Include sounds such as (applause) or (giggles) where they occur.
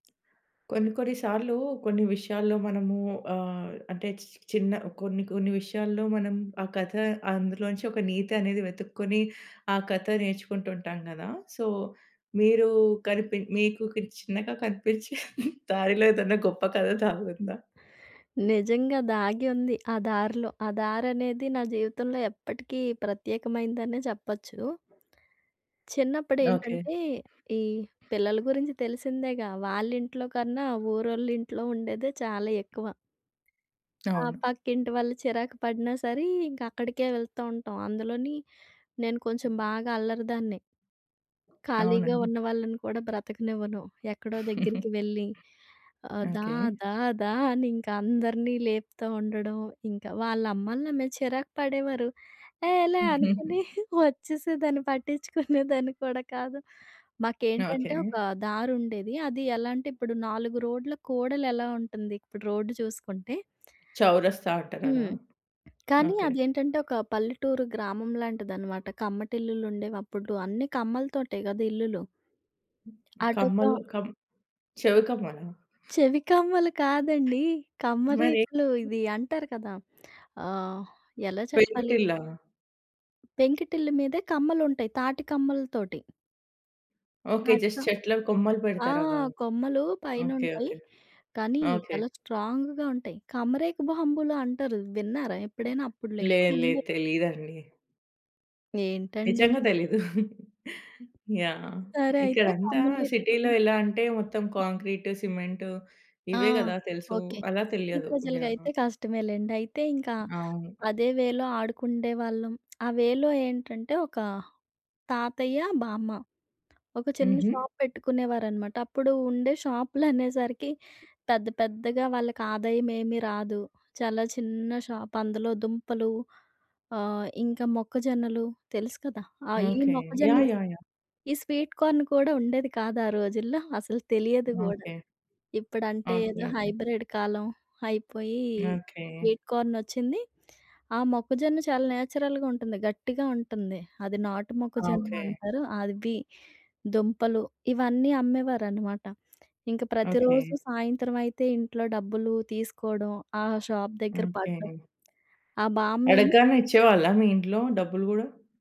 కొన్ని కొన్ని సార్లు కొన్ని విషయాల్లో మనము ఆహ్, అంటే చిన్న కొన్ని కొన్ని విషయాల్లో మనం ఆ కథ అందులో నుంచి ఒక నీతి అనేది వెతుక్కొని ఆ కథ నేర్చుకుంటూ ఉంటాం గదా! సో, మీరు కనిపిన్ మీకు కిన్ చిన్నగా కనిపించే దారిలో ఏదన్నా గొప్ప కథ దాగుందా? నిజంగా దాగి ఉంది. ఆ దారి, ఆ దారి అనేది నా జీవితంలో ఎప్పటికీ ప్రత్యేకమైందని చెప్పొచ్చు. చిన్నప్పుడు ఓకే. ఏంటంటే ఈ పిల్లల గురించి తెలిసిందేగా! వాళ్ల ఇంట్లో కన్నా ఊరోళ్ల ఇంట్లో ఉండేదే చాలా ఎక్కువ. ఆ! అవును. పక్కింటి వాళ్లు చిరాకు పడినా సరే, ఇంక అక్కడికే వెళ్తూ ఉంటాం. అందులో నేను కొంచెం బాగా అల్లరి దాన్ని. ఖాళీగా అవునండి. ఉన్న వాళ్లని కూడా బ్రతకనివ్వను. ఎక్కడో ఒక దగ్గరికి (chuckles) వెళ్లి ఆహ్, "దా, ఓకే. దా, దా!" అని ఇంకా అందరినీ లేపుతూ ఉండడం. ఇంక వాళ్ల అమ్మలైనా నా మీద చిరాకు పడేవారు. "ఏహ్! ఏలే" అనుకుని (giggles) వచ్చేసేదాన్ని, పట్టించుకునేదాన్ని కూడా కాదు. మాకేంటంటే ఓకే. ఒక దారి ఉండేది. అది ఎలా అంటే, ఇప్పుడు నాలుగు రోడ్ల కూడలి ఎలా ఉంటుంది? ఇప్పుడు రోడ్డు చూసుకుంటే చౌరస్తా (smacks lips) అంటున్నారా? హ్మ్. కానీ ఓకే. అదేంటంటే ఒక పల్లెటూరు గ్రామం లాంటిదన్నమాట. కమ్మటి ఇళ్లు ఉండేవి అప్పుడు, అన్ని కమ్మలతోనే కదా! ఇళ్ళుళ్లు. అటోగా కమ్మలు కం చెవి కమ్మనా? చెవి కమ్మలు కాదండి. కమ్మ రేకులు మరెంటి? ఇది అంటారు కదా! ఆహ్, ఎలా చెప్పాలి? పెంకుటిల్లా? పెంకిటిల్లు మీదే కమ్మలు ఉంటాయి. తాటి కమ్మలతోటి. ఓకే. జస్ట్ ఆటితో చెట్లలో కొమ్మలు ఆ! బెడతారు అవా? కొమ్మలు ఓకే. పైనుంటాయి. ఓకే. కానీ ఓకే. చాలా స్ట్రాంగ్‌గా ఉంటాయి. కమరేకు బాంబులు (giggles) అంటారు విన్నారా ఎప్పుడైనా? అప్పుడ్లో లేదు. లేదు. ఎక్కువుండేవి. తెలీదండి. ఏంటండి? నిజంగా దెలీదు. (chuckles) యాహ్! సరే అయితే ఇక్కడంతా కమ్మ సిటీలో రేకులు ఎలా అంటే మొత్తం కాంక్రీటు, సిమెంటు ఆ! ఇవే గదా! తెలుసు, ఓకే. అలా సిటీ తెలియదు. ప్రజలకి యాహ్! అయితే కష్టమే లెండి. అయితే ఇంకా అవును. అదే వేలో ఆడుకుండే వాళ్లం. ఆ వేలో ఏంటంటే, ఒక తాతయ్య, బామ్మ ఒక చిన్న హుహు. షాప్ పెట్టుకునేవారన్నమాట. అప్పుడు ఉండే షాపులనేసరికి పెద్ద పెద్దగా వాళ్లకి ఆదాయం ఏమీ రాదు. చాలా చిన్న షాప్. అందులో దుంపలు, ఆహ్, ఇంకా మొక్కజొన్నలు. తెలుసు కదా! ఆహ్, ఈ ఓకే. మొక్కజొన్న, యాహ్! Yes yeah! యాహ్! ఈ స్వీట్ కార్న్ కూడా ఉండేది కాదు ఆ రోజుల్లో. అసలు తెలియదు కూడా. ఓకే. ఇప్పుడంటే ఓకే. ఏదో ఓకే. హైబ్రిడ్ కాలం అయిపోయి ఓకే. స్వీట్ కార్న్ వచ్చింది. ఆ మొక్కజొన్న చాలా నేచురల్‌గా ఉంటుంది. గట్టిగా ఉంటుంది. అది నాటు మొక్కజొన్న ఓకే. అంటారు. అవ్వి, దుంపలు ఇవన్నీ అమ్మేవారన్నమాట. (smacks lips) ఇంక ఓకే. ప్రతిరోజూ సాయంత్రం అయితే ఇంట్లో డబ్బులు తీసుకోవడం, ఆ షాప్ దగ్గర పడడం. ఓకే. (smacks lips) ఆ బామ్మ ఏమో అడగగానే ఇచ్చేవాళ్ళ మీ ఇంట్లో డబ్బులు గూడా?